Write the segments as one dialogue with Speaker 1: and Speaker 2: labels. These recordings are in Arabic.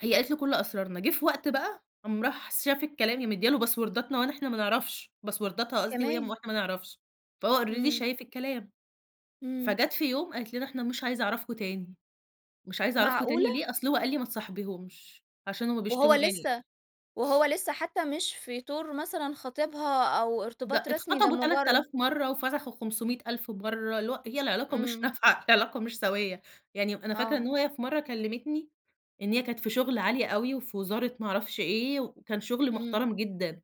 Speaker 1: هي قالت له كل أسرارنا. جه في وقت بقى، قام راح س شاف الكلام، هي مدّيه له باسورداتنا ون إحنا ما نعرفش باسورداتها قصدي وهي م
Speaker 2: كمان!
Speaker 1: واحنا ما نعرفش. فهو already
Speaker 2: إمم.
Speaker 1: شايف الكلام.
Speaker 2: إمم.
Speaker 1: فجات في يوم قالت لنا: "إحنا مش عايزة أعرفكم تاني." مش عايزة أعرفكم تاني
Speaker 2: معقولة؟!
Speaker 1: ليه؟ أصل هو قال لي: "ما تصاحبيهُمش، عشان هم
Speaker 2: وهو
Speaker 1: بيشتموا." يعني
Speaker 2: لسه وهو لسه حتى مش في طور مثلًا خطيبها، أو
Speaker 1: ده
Speaker 2: ارتباط رسمي، ده
Speaker 1: اتخطبوا تلات آلاف
Speaker 2: مجر
Speaker 1: مرّة، وفسخوا خُمسمية ألف مرّة اللي هو هي العلاقة مش
Speaker 2: إمم.
Speaker 1: نافعة، العلاقة مش سَويّة. يعني أنا فاكرة إن
Speaker 2: آه.
Speaker 1: هو هي في مرّة كلّمتني، إن هي كانت في شُغل عالي أوي، وفي وزارة ما أعرفش إيه، وكان شُغل
Speaker 2: إمم.
Speaker 1: محترم جدًا.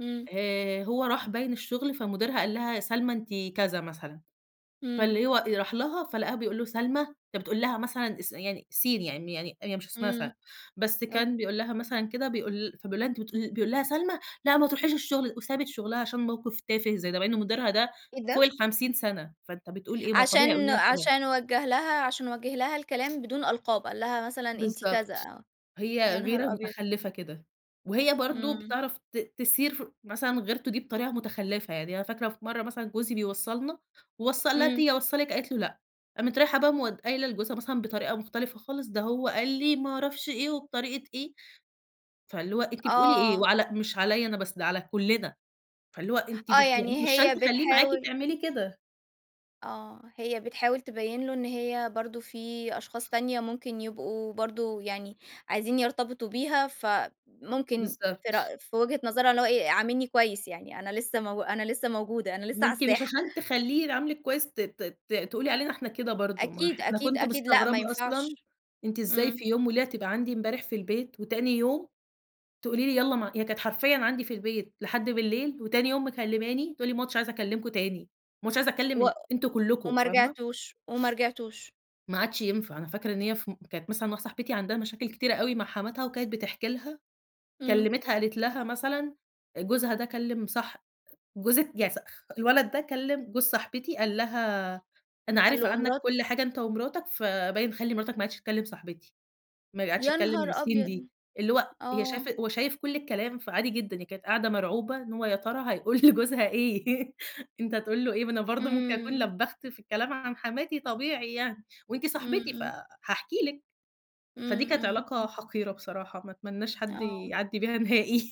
Speaker 2: إمم.
Speaker 1: آآ، هو راح باين الشغل، فمديرها قال لها: "يا سلمى أنتِ كذا." مثلًا،
Speaker 2: إمم.
Speaker 1: فاللي هو راح لها، فلقاها بيقول له :"سلمى!" أنت بتقول لها مثلًا اس يعني سين يعني يعني هي مش اسمها سلمى.
Speaker 2: إمم.
Speaker 1: بس
Speaker 2: اوك
Speaker 1: كان بيقول لها مثلًا كده، بيقول فبيقول لها أنتِ بتقول بيقول لها: "سلمى! لأ ما تروحيش الشغل." وسابت شغلها عشان موقف تافة زي ده. مع إن مديرها ده
Speaker 2: إيه
Speaker 1: فوق
Speaker 2: ده؟!
Speaker 1: ال50 سنة. فأنت بتقول إيه، ما هو طبيعي يقول
Speaker 2: عشان
Speaker 1: لها كده.
Speaker 2: عشان وجّه لها عشان وجّه لها الكلام بدون ألقاب. قال لها مثلًا أنتِ كذا،
Speaker 1: بالضبط،
Speaker 2: آه.
Speaker 1: هي
Speaker 2: يا
Speaker 1: غيرة
Speaker 2: نهار أبيض!
Speaker 1: متخلّفة كده. وهي برضه
Speaker 2: إمم.
Speaker 1: بتعرف ت تثير ف مثلًا غيرته دي بطريقة متخلّفة. يعني أنا فاكرة في مرّة مثلًا جوزي بيوصّلنا. ووصّل قال لها:
Speaker 2: إمم.
Speaker 1: "تيجي اوصّلِك؟" قالت له: "لأ." قامت رايحة بقى مود قايله لجوزها مثلًا بطريقة مختلفة خالص، ده هو قال لي ما أعرفش إيه، وبطريقة إيه. فاللي هو، أنتِ بتقولي إيه؟
Speaker 2: آه.
Speaker 1: وعلى مش عليّا أنا بس، ده على كلّنا. فاللي هو أنتِ بت
Speaker 2: آه،
Speaker 1: يعني أنتِ
Speaker 2: يعني
Speaker 1: مش علشان
Speaker 2: هي
Speaker 1: تخلّيه معاكِ،
Speaker 2: بتحاول
Speaker 1: تعملي كده.
Speaker 2: آه، هي بتحاول تبيّن له إن هي برضه في أشخاص تانية ممكن يبقوا برضه يعني عايزين يرتبطوا بيها، فممكن في
Speaker 1: بالضبط
Speaker 2: رأ في وجهة نظرها اللي هو إيه، عاملني كويس يعني. أنا لسه مو أنا لسه موجودة، أنا لسه على
Speaker 1: وأنتِ مش
Speaker 2: الساحة.
Speaker 1: عشان تخلّيه يعاملِك كويس، ت ت ت تقولي علينا إحنا كده برضه. ما اح
Speaker 2: أكيد،
Speaker 1: أنا
Speaker 2: أكيد،
Speaker 1: كنت
Speaker 2: أكيد لأ، ما
Speaker 1: مستغربة أصلًا
Speaker 2: ينفعش.
Speaker 1: أنتِ إزاي
Speaker 2: إمم.
Speaker 1: في يوم وليلة تبقى عندي امبارح في البيت، وتاني يوم تقولي لي يالّا مع هي كانت حرفيًا عندي في البيت لحد بالليل، وتاني يوم مكلّماني تقول لي: "ما عدتش عايزة أكلّمكم تاني، ما عدتش عايزة
Speaker 2: وأ
Speaker 1: أكلّم أنتم كلكم."
Speaker 2: وما
Speaker 1: فاهمة؟
Speaker 2: رجعتوش، وما رجعتوش.
Speaker 1: ما عادش ينفع. أنا فاكرة إن هي ف كانت مثلًا مع صاحبتي عندها مشاكل كتيرة أوي مع حماتها، وكانت بتحكي لها.
Speaker 2: إمم.
Speaker 1: كلّمِتها قالت لها مثلًا آآ، جوزها ده كلّم صح أ جوزِك يعني صخ الولد ده، كلّم جوز صاحبتي قال لها: "أنا
Speaker 2: قال
Speaker 1: عارف
Speaker 2: له أ
Speaker 1: عنك
Speaker 2: مرات
Speaker 1: كل حاجة أنت ومراتك." فباين "خلّي مراتك ما عادتش تكلّم صاحبتي." ما عادتش
Speaker 2: يا نهار
Speaker 1: تكلّم سين دي،
Speaker 2: أبيض!
Speaker 1: اللي هو هي
Speaker 2: آه.
Speaker 1: شايفة هو شايف كل الكلام، فعادي جدًا. هي كانت قاعدة مرعوبة إن هو يا ترى هيقول لجوزها إيه؟ أنت هتقول له إيه؟ ما أنا برضه ممكن أكون
Speaker 2: إمم.
Speaker 1: لبّخت في الكلام عن حماتي طبيعي يعني، وأنتِ
Speaker 2: إمم،
Speaker 1: صاحبتي
Speaker 2: إمم.
Speaker 1: فهاحكي لِك. فدي
Speaker 2: إمم،
Speaker 1: كانت
Speaker 2: إمم،
Speaker 1: علاقة
Speaker 2: إمم.
Speaker 1: حقيرة بصراحة، ما أتمناش حد
Speaker 2: آه.
Speaker 1: يعدّي بيها نهائي.